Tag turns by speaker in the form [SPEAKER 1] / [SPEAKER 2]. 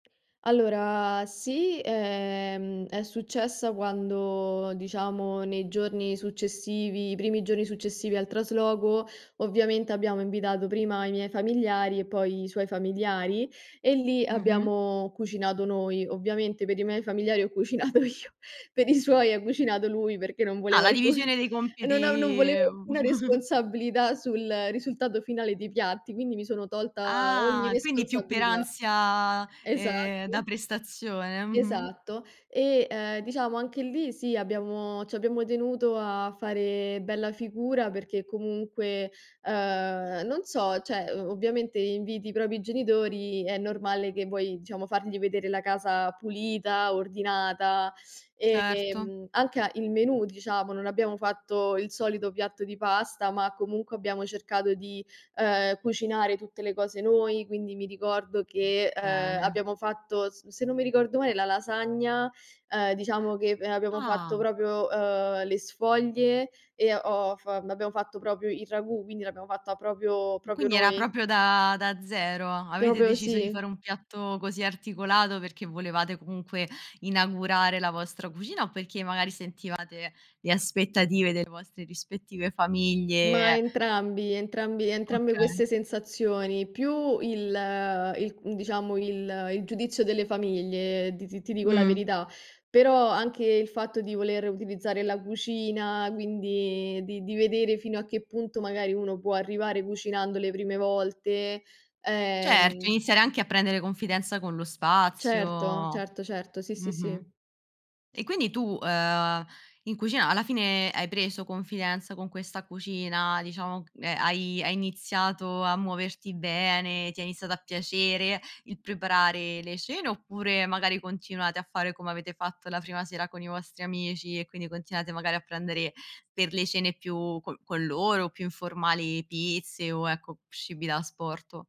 [SPEAKER 1] Allora sì, ehm, è successa quando, diciamo nei giorni successivi i primi giorni successivi al trasloco, ovviamente abbiamo invitato prima i miei familiari e poi i suoi familiari e lì
[SPEAKER 2] Mh-mh.
[SPEAKER 1] abbiamo cucinato noi. Ovviamente per i miei familiari ho cucinato io, per i suoi ha cucinato lui perché io non
[SPEAKER 2] Ah,
[SPEAKER 1] volevo
[SPEAKER 2] la
[SPEAKER 1] alcuna
[SPEAKER 2] divisione dei
[SPEAKER 1] no non
[SPEAKER 2] compiti
[SPEAKER 1] volevo alcuna responsabilità sul risultato finale dei piatti, quindi mi sono tolta ogni
[SPEAKER 2] Ah, quindi più per
[SPEAKER 1] responsabilità.
[SPEAKER 2] ansia,
[SPEAKER 1] E esatto.
[SPEAKER 2] ehm, da prestazione, mh-mh.
[SPEAKER 1] Esatto. E, ehm, diciamo, anche lì, sì, abbiamo ci abbiamo tenuto a fare bella figura perché comunque, uhm, non so, cioè, o ovviamente inviti i propri genitori, è normale che vuoi, diciamo, fargli vedere la casa pulita, ordinata,
[SPEAKER 2] Certo.
[SPEAKER 1] ehm, anche a il menù, diciamo, non abbiamo fatto il solito piatto di pasta, ma comunque abbiamo cercato di, ehm, cucinare tutte le cose noi, quindi mi ricordo che, eh,
[SPEAKER 2] Bene.
[SPEAKER 1] abbiamo fatto, s se non mi ricordo male, la lasagna, ehm, diciamo che abbiamo fatto
[SPEAKER 2] Ah.
[SPEAKER 1] proprio, uhm, le sfoglie e ho f abbiamo fatto proprio il ragù, quindi l'abbiamo fatta proprio
[SPEAKER 2] Ma
[SPEAKER 1] proprio
[SPEAKER 2] quindi era
[SPEAKER 1] noi.
[SPEAKER 2] proprio da da zero. Avete
[SPEAKER 1] Proprio
[SPEAKER 2] deciso di fare
[SPEAKER 1] sì.
[SPEAKER 2] un piatto così articolato perché volevate comunque inaugurare la vostra cucina o perché magari sentivate le aspettative delle vostre rispettive
[SPEAKER 1] Ma
[SPEAKER 2] famiglie
[SPEAKER 1] entrambi entrambi entrambe
[SPEAKER 2] Okay.
[SPEAKER 1] queste sensazioni, più il i diciamo, il il giudizio delle famiglie, ti ti ti dico la
[SPEAKER 2] Mh.
[SPEAKER 1] verità. Però anche il fatto di voler utilizzare la cucina, quindi di di vedere fino a che punto magari uno può arrivare cucinando le prime volte,
[SPEAKER 2] Certo,
[SPEAKER 1] ehm
[SPEAKER 2] iniziare anche a prendere confidenza con lo
[SPEAKER 1] Certo
[SPEAKER 2] spazio.
[SPEAKER 1] certo certo, sì sì
[SPEAKER 2] Mh-mh.
[SPEAKER 1] sì.
[SPEAKER 2] E quindi tu, uhm, in cucina alla fine hai preso confidenza con questa cucina, diciamo, ehm, hai hai iniziato a muoverti bene, ti è iniziata a piacere il preparare le cene? Oppure magari continuate a fare come avete fatto la prima sera con i vostri amici e quindi continuate magari a prendere per le cene più co con loro, più informali pizze o, ecco, cibi da asporto?